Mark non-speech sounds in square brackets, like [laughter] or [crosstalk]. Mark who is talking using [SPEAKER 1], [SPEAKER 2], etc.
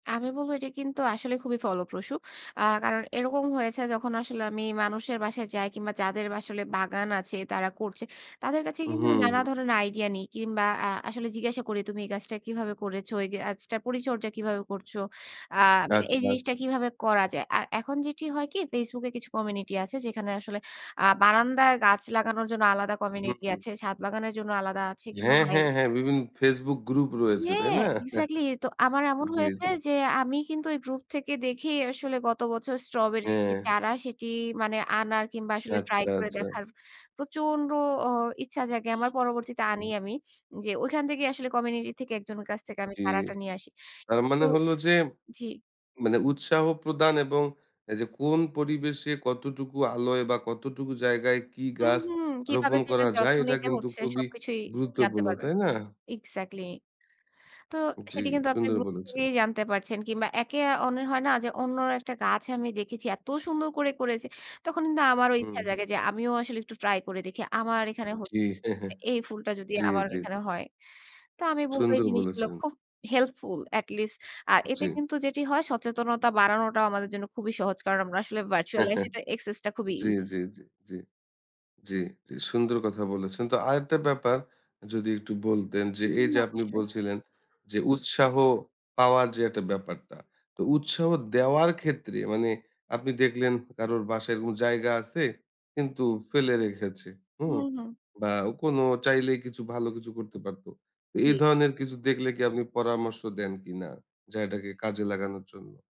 [SPEAKER 1] আমি বলবো এটা কিন্তু আসলে খুবই ফলপ্রসূ। আ কারণ এরকম হয়েছে যখন আসলে আমি মানুষের বাসায় যাই। কিংবা যাদের আসলে বাগান আছে, তারা করছে। তাদের কাছে কিন্তু
[SPEAKER 2] উহু,
[SPEAKER 1] আমি নানা
[SPEAKER 2] হুম।
[SPEAKER 1] ধরনের আইডিয়া নিই। কিংবা আ আসলে জিজ্ঞাসা করি, "তুমি এই গাছটা কিভাবে করেছ? এই গাছটার পরিচর্যা কিভাবে করছো? অ্যা মানে এই
[SPEAKER 2] আচ্ছা, আচ্ছা।
[SPEAKER 1] জিনিসটা কীভাবে করা যায়?" আর এখন যেটি হয় কি? Facebook এ কিছু কমিউনিটি আছে। যেখানে আসলে আ বারান্দায় গাছ লাগানোর জন্য আলাদা
[SPEAKER 2] উহু,
[SPEAKER 1] কমিউনিটি
[SPEAKER 2] হুম।
[SPEAKER 1] আছে। ছাদ বাগানের জন্য আলাদা আছে কিংবা
[SPEAKER 2] হ্যাঁ,
[SPEAKER 1] হয়
[SPEAKER 2] হ্যাঁ, হ্যাঁ। বিভিন্ন Facebook গ্রুপ রয়েছে, তাই
[SPEAKER 1] হ্যাঁ।
[SPEAKER 2] না?
[SPEAKER 1] এক্সাক্টলি। এ তো
[SPEAKER 2] [chuckles]
[SPEAKER 1] আমার এমন
[SPEAKER 2] জি,
[SPEAKER 1] হয়েছে
[SPEAKER 2] জি।
[SPEAKER 1] যে, আমি কিন্তু ওই গ্রুপ থেকে দেখেই আসলে গত বছর স্ট্রবেরি এ
[SPEAKER 2] হ্যাঁ।
[SPEAKER 1] চারা, সেটি মানে আনার কিংবা আসলে ট্রাই
[SPEAKER 2] আচ্ছা,
[SPEAKER 1] করে
[SPEAKER 2] আচ্ছা।
[SPEAKER 1] দেখার প্রচন্ড ও ইচ্ছা জাগে আমার। পরবর্তীতে আনি
[SPEAKER 2] উহুম।
[SPEAKER 1] আমি। যে ঐখান থেকেই আসলে কমিউনিটি থেকে একজনের কাছ থেকে আমি
[SPEAKER 2] জি।
[SPEAKER 1] চারাটা নিয়ে আসি।
[SPEAKER 2] তার
[SPEAKER 1] কিন্তু
[SPEAKER 2] মানে হলো যে,
[SPEAKER 1] জি।
[SPEAKER 2] মানে উৎসাহ প্রদান এবং এইযে কোন পরিবেশে কতটুকু আলোয় বা, কতটুকু জায়গায় কি
[SPEAKER 1] হুম,
[SPEAKER 2] গাছ
[SPEAKER 1] হুম। কিভাবে
[SPEAKER 2] রোপন করা
[SPEAKER 1] সেটার
[SPEAKER 2] যায়?
[SPEAKER 1] যত্ন
[SPEAKER 2] এটা
[SPEAKER 1] নিতে
[SPEAKER 2] কিন্তু
[SPEAKER 1] হচ্ছে
[SPEAKER 2] খুবই
[SPEAKER 1] সবকিছুই জানতে
[SPEAKER 2] গুরুত্বপূর্ণ।
[SPEAKER 1] পারবে।
[SPEAKER 2] তাই না?
[SPEAKER 1] এক্সাক্টলি। তো
[SPEAKER 2] জি।
[SPEAKER 1] সেটি কিন্তু আপনি
[SPEAKER 2] সুন্দর
[SPEAKER 1] গ্রুপ
[SPEAKER 2] বলেছেন।
[SPEAKER 1] থেকেই জানতে পারছেন কিংবা একে অন্যর হয় না যে, অন্য একটা গাছে আমি দেখেছি। এত সুন্দর করে করেছে। তখন কিন্তু আমারও
[SPEAKER 2] হু,
[SPEAKER 1] ইচ্ছা
[SPEAKER 2] হু।
[SPEAKER 1] জাগে যে, আমিও আসলে একটু ট্রাই করে দেখি। আমার এখানে
[SPEAKER 2] জি।
[SPEAKER 1] [unintelligible]
[SPEAKER 2] [chuckles]
[SPEAKER 1] এই ফুলটা যদি
[SPEAKER 2] জি,
[SPEAKER 1] আমার
[SPEAKER 2] জি, জি।
[SPEAKER 1] এখানে হয়। তো আমি বলবো এই
[SPEAKER 2] সুন্দর
[SPEAKER 1] জিনিসগুলো
[SPEAKER 2] বলেছেন।
[SPEAKER 1] খুব হেল্পফুল, এটলিস্ট। আর
[SPEAKER 2] জি।
[SPEAKER 1] এতে কিন্তু যেটি হয়, সচেতনতা বাড়ানোটাও আমাদের জন্য খুবই সহজ। কারণ আমরা আসলে virtual life এ এটা
[SPEAKER 2] [chuckles]
[SPEAKER 1] access টা খুবই
[SPEAKER 2] জি,
[SPEAKER 1] ইজি।
[SPEAKER 2] জি, জি। জি। জি। সুন্দর কথা বলেছেন। তো আরেকটা ব্যাপার যদি একটু বলতেন যে,
[SPEAKER 1] হুম।
[SPEAKER 2] এইযে আপনি
[SPEAKER 1] অবশ্যই।
[SPEAKER 2] বলছিলেন যে, উৎসাহ পাওয়ার যে একটা ব্যাপারটা। তো উৎসাহ দেওয়ার ক্ষেত্রে মানে আপনি দেখলেন কারোর বাসায় কোন জায়গা আছে, কিন্তু ফেলে রেখেছে। হু?
[SPEAKER 1] হুম, হুম।
[SPEAKER 2] বা, অ কোনো চাইলেই কিছু ভালো কিছু করতে পারত। তো এই
[SPEAKER 1] জি।
[SPEAKER 2] ধরনের কিছু দেখলে কি আপনি পরামর্শ দেন কিনা জায়গাটাকে কাজে লাগানোর জন্য?